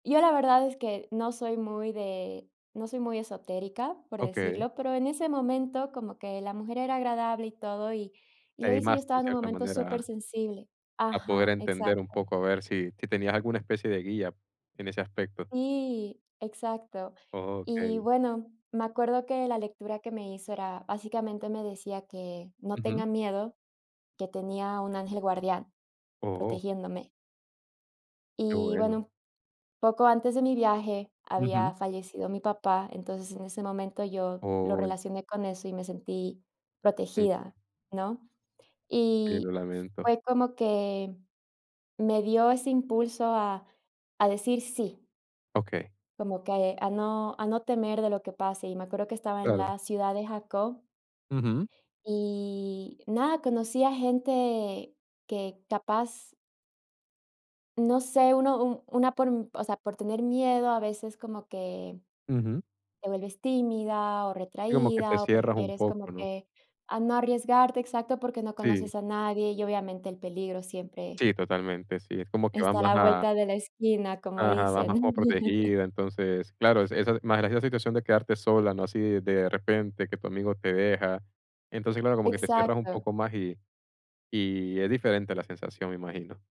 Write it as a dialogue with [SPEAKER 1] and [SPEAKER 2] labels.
[SPEAKER 1] Yo, la verdad, es que no soy muy de no soy muy esotérica, por
[SPEAKER 2] Okey.
[SPEAKER 1] decirlo, pero en ese momento, como que la mujer era agradable y todo, y y
[SPEAKER 2] Te
[SPEAKER 1] lo hizo, y yo
[SPEAKER 2] animaste, en
[SPEAKER 1] estaba en un
[SPEAKER 2] cierta
[SPEAKER 1] momento
[SPEAKER 2] manera,
[SPEAKER 1] super
[SPEAKER 2] a
[SPEAKER 1] sensible.
[SPEAKER 2] a poder
[SPEAKER 1] Ajá,
[SPEAKER 2] entender un
[SPEAKER 1] exacto.
[SPEAKER 2] poco, a ver si si tenías alguna especie de guía en ese aspecto.
[SPEAKER 1] Sí, exacto. Y,
[SPEAKER 2] Okey.
[SPEAKER 1] bueno, me acuerdo que la lectura que me hizo era, básicamente, me decía que no
[SPEAKER 2] Ujú.
[SPEAKER 1] tenga miedo, que tenía un ángel guardián
[SPEAKER 2] ¡Oh!
[SPEAKER 1] protegiéndome.
[SPEAKER 2] Qué
[SPEAKER 1] Y,
[SPEAKER 2] bueno.
[SPEAKER 1] bueno, poco antes de mi viaje,
[SPEAKER 2] Ujú.
[SPEAKER 1] había fallecido mi papá, entonces, en ese momento, yo lo
[SPEAKER 2] ¡Oh!
[SPEAKER 1] relacioné con eso y me sentí
[SPEAKER 2] Sí.
[SPEAKER 1] protegida, ¿no?
[SPEAKER 2] Sí, lo
[SPEAKER 1] Y
[SPEAKER 2] lamento.
[SPEAKER 1] fue como que me dio ese impulso a a decir sí.
[SPEAKER 2] Okey.
[SPEAKER 1] Como que a no a no temer de lo que pase, y me acuerdo que estaba en
[SPEAKER 2] Claro.
[SPEAKER 1] la ciudad de Jacob.
[SPEAKER 2] Ujú.
[SPEAKER 1] Y nada, conocí a gente que capaz No sé, uno u una por o sea, por tener miedo, a veces como que
[SPEAKER 2] Ujú.
[SPEAKER 1] te vuelves tímida o
[SPEAKER 2] Digamos que te
[SPEAKER 1] retraída, o
[SPEAKER 2] cierras un
[SPEAKER 1] prefieres como
[SPEAKER 2] poco, ¿no?
[SPEAKER 1] que a no arriesgarte, exacto, porque no
[SPEAKER 2] Sí
[SPEAKER 1] conoces a nadie y, obviamente, el peligro siempre
[SPEAKER 2] Sí, totalmente, sí, es como que va
[SPEAKER 1] está a
[SPEAKER 2] más
[SPEAKER 1] la
[SPEAKER 2] a
[SPEAKER 1] vuelta de la esquina, como
[SPEAKER 2] Ajá, vas más como
[SPEAKER 1] dicen.
[SPEAKER 2] protegida. Entonces, claro, esa esa más la situación de quedarte sola, ¿no? Así de repente que tu amigo te deja. Entonces, claro, como que te cierras un
[SPEAKER 1] Exacto.
[SPEAKER 2] poco más y y es diferente la sensación, imagino.